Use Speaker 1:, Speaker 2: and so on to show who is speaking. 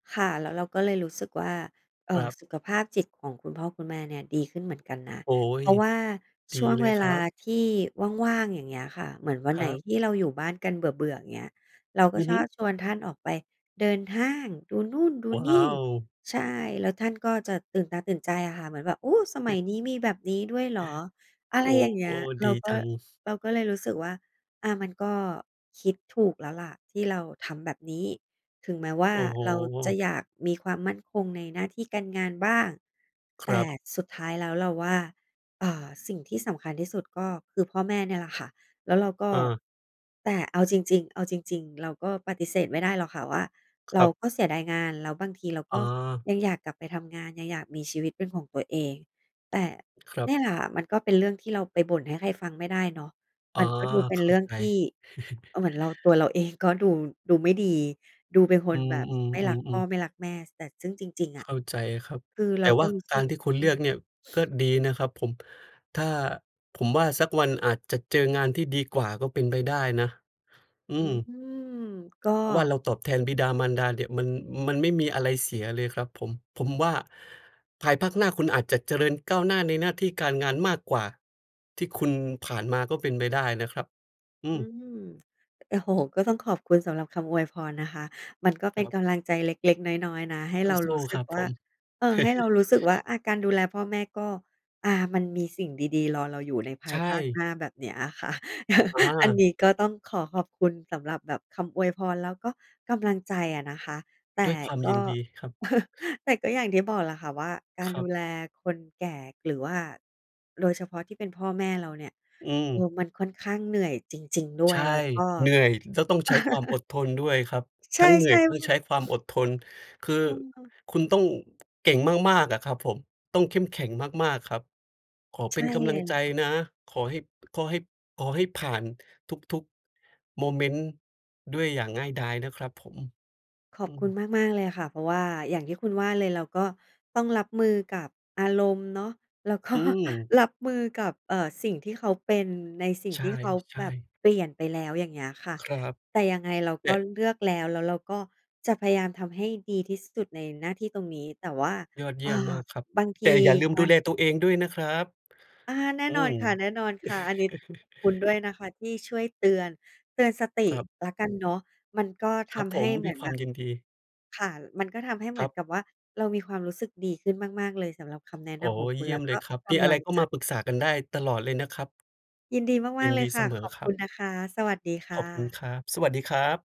Speaker 1: ค่ะ แล้วเราก็เลยรู้สึกว่า เอ่อ
Speaker 2: ครับ
Speaker 1: สุขภาพจิตของคุณพ่อคุณแม่เนี่ยดีขึ้นเหมือนกันนะ
Speaker 2: โอ๊
Speaker 1: เพ
Speaker 2: ย
Speaker 1: ราะว่า
Speaker 2: ด
Speaker 1: ช
Speaker 2: ี
Speaker 1: ่วง
Speaker 2: เล
Speaker 1: เว
Speaker 2: ยค
Speaker 1: ล
Speaker 2: รั
Speaker 1: า
Speaker 2: บ
Speaker 1: ที่ว่าง ๆ อย่างเงี้ยค่ะ เหมือนวัน
Speaker 2: ค
Speaker 1: ไหน
Speaker 2: รั
Speaker 1: ที่
Speaker 2: บ
Speaker 1: เราอยู่บ้านกันเบื่อ ๆ อย่างเงี้ย เราก
Speaker 2: อ
Speaker 1: ็
Speaker 2: ือ
Speaker 1: ช
Speaker 2: ฮึ
Speaker 1: อบชวนท่านออกไปเดินห้าง ดูนู่นดู
Speaker 2: โอ้
Speaker 1: น
Speaker 2: อ้
Speaker 1: ี่
Speaker 2: าว
Speaker 1: ใช่ แล้วท่านก็จะตื่นตาตื่นใจอะค่ะ เหมือนแบบ โอ้! สมัยนี้มีแบบนี้ด้วยเหรอ อะ
Speaker 2: โ
Speaker 1: ไร
Speaker 2: อ้
Speaker 1: อย่างเงี
Speaker 2: โ
Speaker 1: ้
Speaker 2: ฮ
Speaker 1: ย เ
Speaker 2: ด
Speaker 1: รา
Speaker 2: ี
Speaker 1: ก
Speaker 2: จ
Speaker 1: ็
Speaker 2: ัง
Speaker 1: เราก็เลยรู้สึกว่า อ่า มันก็คิดถูกแล้วล่ะที่เราทำแบบนี้ ถึงแม้ว่า
Speaker 2: โอ้โฮ
Speaker 1: เราจะอยากมีความมั่นคงในหน้าที่การงานบ้าง
Speaker 2: ค
Speaker 1: แต
Speaker 2: ร
Speaker 1: ่
Speaker 2: ับ
Speaker 1: สุดท้ายแล้วเราว่า เอ่อ สิ่งที่สำคัญที่สุดก็คือพ่อแม่เนี่ยแหละค่ะ แล้วเราก็
Speaker 2: เออ
Speaker 1: แต่เอาจริง ๆ เอาจริง ๆ เราก็ปฏิเสธไม่ได้หรอกค่ะว่า
Speaker 2: ค
Speaker 1: เร
Speaker 2: ร
Speaker 1: า
Speaker 2: ับ
Speaker 1: ก็เสียดายงาน แล้วบางทีเราก
Speaker 2: อ
Speaker 1: ็
Speaker 2: า
Speaker 1: ยังอยากกลับไปทำงาน ยังอยากมีชีวิตเป็นของตัวเอง แต่
Speaker 2: ครั
Speaker 1: นี
Speaker 2: บ
Speaker 1: ่แหละมันก็เป็นเรื่องที่เราไปบ่นให้ใครฟังไม่ได้เนาะ
Speaker 2: อ๋
Speaker 1: ม
Speaker 2: อ
Speaker 1: ันก็ดูเป็
Speaker 2: เ
Speaker 1: น
Speaker 2: ข้
Speaker 1: เ
Speaker 2: า
Speaker 1: รื่อง
Speaker 2: ใจ
Speaker 1: ที่ อะ เหมือนเรา ตัวเรา เอง ก็ดู ดูไม่ดี ดูเป็นค
Speaker 2: อ
Speaker 1: น
Speaker 2: ื
Speaker 1: แบบไม่รัก
Speaker 2: อ
Speaker 1: พ่อ
Speaker 2: ๆ ๆ ๆ
Speaker 1: ไม่รักแม่ ส แต่ ซึ่งจริง ๆ อ
Speaker 2: เข
Speaker 1: ะ
Speaker 2: ้าใจครับ
Speaker 1: คือเ
Speaker 2: แ
Speaker 1: ร
Speaker 2: ต
Speaker 1: า
Speaker 2: ่ว
Speaker 1: ก
Speaker 2: ่
Speaker 1: ็
Speaker 2: า
Speaker 1: รู้
Speaker 2: ก
Speaker 1: สึ
Speaker 2: า
Speaker 1: ก
Speaker 2: รที่คุณ
Speaker 1: อื
Speaker 2: เลือ
Speaker 1: อ
Speaker 2: กเนี่ย ก็ดีนะครับผม ถ้า ผมว่าสักวันอาจจะเจองานที่ดีกว่าก็เป็นไปได้นะ อื
Speaker 1: อื
Speaker 2: ม
Speaker 1: ม ก็
Speaker 2: เพราะว่าเราตอบแทนบิดามารดาเนี่ยมัน มันไม่มีอะไรเสียเลยครับผม ผมว่า ภายภาคหน้าคุณอาจจะเจริญก้าวหน้าในหน้าที่การงานมากกว่าที่คุณผ่านมาก็เป็นไปได้นะครับ อื
Speaker 1: อื
Speaker 2: ม
Speaker 1: ม โอ้โฮ ก็ต้องขอบคุณสำหรับคำอวยพรนะคะ มันก็เ
Speaker 2: ค
Speaker 1: ป็
Speaker 2: ร
Speaker 1: น
Speaker 2: ับ
Speaker 1: กำลังใจเล็ก ๆ น้อย ๆ นะ ให้เรา
Speaker 2: ส
Speaker 1: ร
Speaker 2: ู
Speaker 1: ู
Speaker 2: ้
Speaker 1: ้ส
Speaker 2: ๆ ค
Speaker 1: ึก
Speaker 2: รับ
Speaker 1: ว
Speaker 2: ผ
Speaker 1: ่า
Speaker 2: ม
Speaker 1: เออ ให้เรารู้สึกว่า อะ การดูแลพ่อแม่ก็ อา มันมีสิ่งดี ๆ รอเราอยู่ในภ
Speaker 2: ใช
Speaker 1: ายภาคห
Speaker 2: ่
Speaker 1: น้าแบบนี้อะค่ะ
Speaker 2: อ
Speaker 1: อันน
Speaker 2: า
Speaker 1: ี้ก็ต้องขอขอบคุณสำหรับแบบ คำอวยพรแล้วก็กำลังใจอะนะคะ แต
Speaker 2: ด้
Speaker 1: ่
Speaker 2: วยความ
Speaker 1: ก
Speaker 2: ยิ
Speaker 1: ็
Speaker 2: นดีครับ
Speaker 1: แต่ก็อย่างที่บอกแหละค่ะว่า การ
Speaker 2: ครั
Speaker 1: ดู
Speaker 2: บ
Speaker 1: แลคนแก่ หรือว่า โดย เฉพาะที่เป็นพ่อแม่เราเนี่ย
Speaker 2: อืม
Speaker 1: เอ่อ มันค่อนข้างเหนื่อยจริง ๆ ด้
Speaker 2: ใช
Speaker 1: วย
Speaker 2: ่
Speaker 1: แล้วก็
Speaker 2: เหนื่อย แล้วต้องใช้ความอดทนด้วยครับ
Speaker 1: ใช
Speaker 2: ทั
Speaker 1: ่
Speaker 2: ้งเหนื่อย ท
Speaker 1: ๆ
Speaker 2: ั
Speaker 1: อ
Speaker 2: ้ง
Speaker 1: ื
Speaker 2: ใช้ความ
Speaker 1: อ
Speaker 2: อดทน คือ
Speaker 1: เออ
Speaker 2: คุณต้องเก่งมาก ๆ อะครับผม ต้องเข้มแข็งมาก ๆ ครับ ขอ
Speaker 1: ใ
Speaker 2: เ
Speaker 1: ช
Speaker 2: ป็
Speaker 1: ่
Speaker 2: นกำ
Speaker 1: เ
Speaker 2: ลั
Speaker 1: ล
Speaker 2: ง
Speaker 1: ย
Speaker 2: ใ
Speaker 1: ล่
Speaker 2: จ
Speaker 1: ะค่ะ
Speaker 2: นะ ขอให้ ข้อให้ ขอให้ผ่านทุก ๆ โมเมนต์ด้วยอย่างง่ายดายนะครับผม
Speaker 1: ข
Speaker 2: อ
Speaker 1: อ
Speaker 2: ื
Speaker 1: บคุณ
Speaker 2: ม
Speaker 1: มาก ๆ เลยอะค่ะ เพราะว่าอย่างที่คุณว่าเลย เราก็ต้องรับมือกับอารมณ์เนาะ แล้วก็
Speaker 2: อืม
Speaker 1: รับมือกับ เอ่อ สิ่งที่เขาเป็น ในสิ่ง
Speaker 2: ใ
Speaker 1: ที่เขา
Speaker 2: ช
Speaker 1: แบ
Speaker 2: ่
Speaker 1: บ
Speaker 2: ๆ
Speaker 1: เปลี่ยนไปแล้วอย่างเงี้ยค่ะ
Speaker 2: ครับ
Speaker 1: แต่ยังไงเรา
Speaker 2: แต
Speaker 1: ก็
Speaker 2: ่
Speaker 1: เลือกแล้ว แล้วเราก็จะพยายามทำให้ดีที่สุดในหน้าที่ตรงนี้ แต่ว่า
Speaker 2: ยอดเย
Speaker 1: อ่
Speaker 2: ี
Speaker 1: า
Speaker 2: ่ยมมากครับ
Speaker 1: บางท
Speaker 2: แ
Speaker 1: ี
Speaker 2: ต่อย่าลืม
Speaker 1: กา
Speaker 2: ดู
Speaker 1: ร
Speaker 2: แลตัวเองด้วยนะครับ
Speaker 1: อา แน่
Speaker 2: อื
Speaker 1: นอ
Speaker 2: ม
Speaker 1: นค่ะ ๆ อันนี้ คุณด้วยนะคะที่ช่วยเตือน เตือนสติ
Speaker 2: ครับ
Speaker 1: แล้วกันเนาะ มันก็
Speaker 2: ค
Speaker 1: ท
Speaker 2: รับผ
Speaker 1: ำให้
Speaker 2: ม
Speaker 1: เห
Speaker 2: ด
Speaker 1: ม
Speaker 2: ้
Speaker 1: ื
Speaker 2: วย
Speaker 1: อน
Speaker 2: ค
Speaker 1: แ
Speaker 2: ว
Speaker 1: บ
Speaker 2: าม
Speaker 1: บ
Speaker 2: ยินดี
Speaker 1: ค่ะ มันก็ทำให้เหม
Speaker 2: ค
Speaker 1: ื
Speaker 2: ร
Speaker 1: อ
Speaker 2: ั
Speaker 1: น
Speaker 2: บ
Speaker 1: กับว่า เรามีความรู้สึกดีขึ้นมาก ๆ เลยสำหรับคำแนะ
Speaker 2: อ๋
Speaker 1: น
Speaker 2: อ
Speaker 1: ำของค
Speaker 2: เย
Speaker 1: ุณ
Speaker 2: ี่
Speaker 1: แล
Speaker 2: ย
Speaker 1: ้
Speaker 2: ม
Speaker 1: ว
Speaker 2: เ
Speaker 1: ก
Speaker 2: ล
Speaker 1: ็
Speaker 2: ยครับ
Speaker 1: ก
Speaker 2: มีอะ
Speaker 1: ำล
Speaker 2: ไร
Speaker 1: ัง
Speaker 2: ก็
Speaker 1: ใจ
Speaker 2: มาปรึกษากันได้ตลอดเลยนะครับ
Speaker 1: ยินดีม
Speaker 2: ย
Speaker 1: า
Speaker 2: ิ
Speaker 1: ก
Speaker 2: น
Speaker 1: ๆ เล
Speaker 2: ด
Speaker 1: ย
Speaker 2: ี
Speaker 1: ค
Speaker 2: เส
Speaker 1: ่ะ
Speaker 2: ม
Speaker 1: ข
Speaker 2: อ
Speaker 1: อบ
Speaker 2: ค
Speaker 1: ค
Speaker 2: รั
Speaker 1: ุ
Speaker 2: บ
Speaker 1: ณนะคะ สวัสดีค
Speaker 2: ข
Speaker 1: ่
Speaker 2: อบคุณ
Speaker 1: ะ
Speaker 2: ครับ สวัสดีครับ